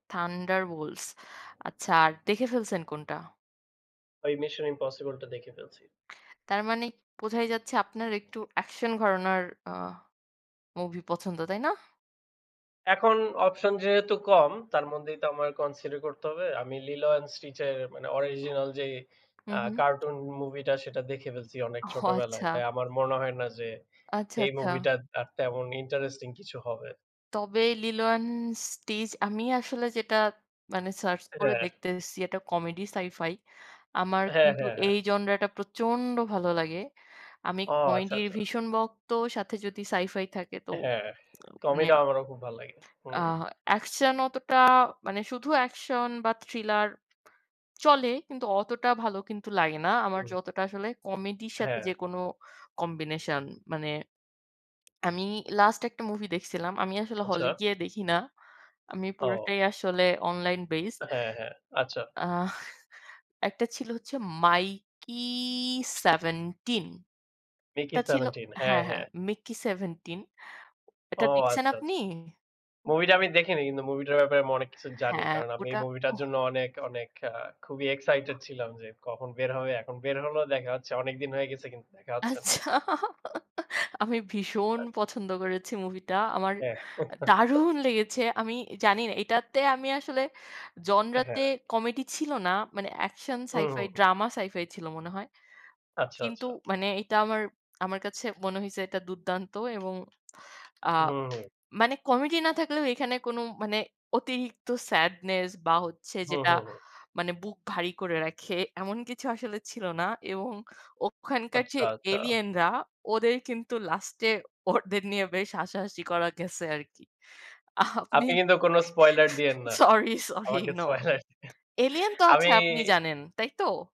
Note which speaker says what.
Speaker 1: 'Thunderbolts' আচ্ছা, আর দেখে ফেলছেন কোনটা?
Speaker 2: ওই 'Mission: Impossible' টা দেখে ফেলছি।
Speaker 1: তার মানে বোঝাই যাচ্ছে আপনার একটু একশন ঘরানার আহ মুভি পছন্দ, তাই না?
Speaker 2: এখন অপশন যেহেতু কম তার মধ্যেই তো আমার কন্সিডার করতে হবে। আমি 'Lilo& Stitch' এর মানে অরজিনাল যে
Speaker 1: হু,
Speaker 2: অ্যা
Speaker 1: হু।
Speaker 2: কার্টুন মুভিটা সেটা দেখে ফেলছি অনেক
Speaker 1: ওহ,
Speaker 2: ছোটবেলায়।
Speaker 1: আচ্ছা।
Speaker 2: তাই আমার মনে হয় না যে
Speaker 1: আচ্ছা,
Speaker 2: এই
Speaker 1: আচ্ছা।
Speaker 2: মুভিটাত আর তেমন ইন্টারেস্টিং কিছু হবে।
Speaker 1: তবে 'Lilo& Stitch' আমি আসলে যেটা মানে সার্চ
Speaker 2: এ হ্যাঁ,
Speaker 1: করে
Speaker 2: হ্যাঁ।
Speaker 1: দেখতেছি এটা কমেডি সাই-ফাই। আমার
Speaker 2: হ্যাঁ,
Speaker 1: কিন্তু
Speaker 2: হ্যাঁ, হ্যাঁ।
Speaker 1: এই জনরাটা প্রচণ্ড ভালো লাগে। আমি
Speaker 2: ও আচ্ছা,
Speaker 1: কমেডির
Speaker 2: আচ্ছা।
Speaker 1: ভীষণ ভক্ত, সাথে যদি সাই-ফাই থাকে তো।
Speaker 2: হ্যাঁ,
Speaker 1: মানে
Speaker 2: কমেডি আমারও খুব ভাল্লাগে। হুম।
Speaker 1: আহ একশন অতটা মানে শুধু একশন বা থ্রিলার চলে, কিন্তু অতটা ভালো কিন্তু লাগে না। আমার
Speaker 2: হুম।
Speaker 1: যতটা আসলে কমেডির সাথে
Speaker 2: হ্যাঁ।
Speaker 1: যেকোনো কম্বিনেশন, মানে আমি লাস্ট একটা মুভি দেখছিলাম। আমি আসলে হলে
Speaker 2: আচ্ছা।
Speaker 1: গিয়ে দেখি না। আমি
Speaker 2: ও।
Speaker 1: পুরোটাই আসলে অনলাইন বেজড।
Speaker 2: আ হ্যাঁ, হ্যাঁ। আচ্ছা।
Speaker 1: আহ একটা ছিল হচ্ছে 'Mickey 17'
Speaker 2: 'Mickey
Speaker 1: এটা ছিল
Speaker 2: 17' হ্যাঁ,
Speaker 1: হ্যাঁ, হ্যাঁ,
Speaker 2: হ্যাঁ।
Speaker 1: 'Mickey 17'
Speaker 2: ও
Speaker 1: এটা দেখছেন
Speaker 2: আচ্ছা,
Speaker 1: আপনি?
Speaker 2: আচ্ছা। মুভিটা আমি দেখিনি কিন্তু মুভিটার ব্যাপারে আমি অনেক কিছু জানি।
Speaker 1: হ্যাঁ,
Speaker 2: কারণ আমি এই
Speaker 1: ওটা
Speaker 2: মুভিটার
Speaker 1: অহ।
Speaker 2: জন্য অনেক, অনেক, আ খুবই এক্সসাইটেড ছিলাম যে কখন বের হবে। এখন বের হলো দেখা হচ্ছে অনেকদিন হয়ে গেছে কিন্তু দেখা হচ্ছে না।
Speaker 1: আচ্ছা। আমি ভীষণ
Speaker 2: আ
Speaker 1: পছন্দ করেছি মুভিটা। আমার
Speaker 2: হ্যাঁ।
Speaker 1: এ দারুণ লেগেছে। আমি জানিনা এটা তে আমি আসলে
Speaker 2: এ হ্যাঁ।
Speaker 1: জনরাতে কমেডি ছিল না। মানে একশন, সাই-ফাই,
Speaker 2: হুম।
Speaker 1: ড্রামা সাই-ফাই ছিল মনে হয়।
Speaker 2: আচ্ছা,
Speaker 1: কিন্তু
Speaker 2: আচ্ছা।
Speaker 1: মানে এটা আমার, আমার কাছে মনে হয়েছে এটা দুর্দান্ত এবং
Speaker 2: হু,
Speaker 1: আহ
Speaker 2: হুম।
Speaker 1: মানে কমেডি না থাকলেও এখানে কোন মানে অতিরিক্ত স্যাডনেস বা হচ্ছে
Speaker 2: হু,
Speaker 1: যেটা
Speaker 2: হু, হুম।
Speaker 1: মানে বুক ভারী করে রাখে, এমন কিছু আসলে ছিল না। এবং ওখানকার যে
Speaker 2: আচ্ছা, আচ্ছা।
Speaker 1: এলিয়েনরা ওদের কিন্তু লাস্টে ওদের নিয়ে বেশ হাসাহাসি করা গেছে আরকি। আপনি
Speaker 2: আপনি কিন্তু কোন স্পয়লার দিয়েন না।
Speaker 1: সরি, সরি,
Speaker 2: আমাকে
Speaker 1: নো
Speaker 2: স্পয়লার দিয়ে
Speaker 1: এলিয়েন তো
Speaker 2: আমি
Speaker 1: আছে আপনি জানেন, তাই তো?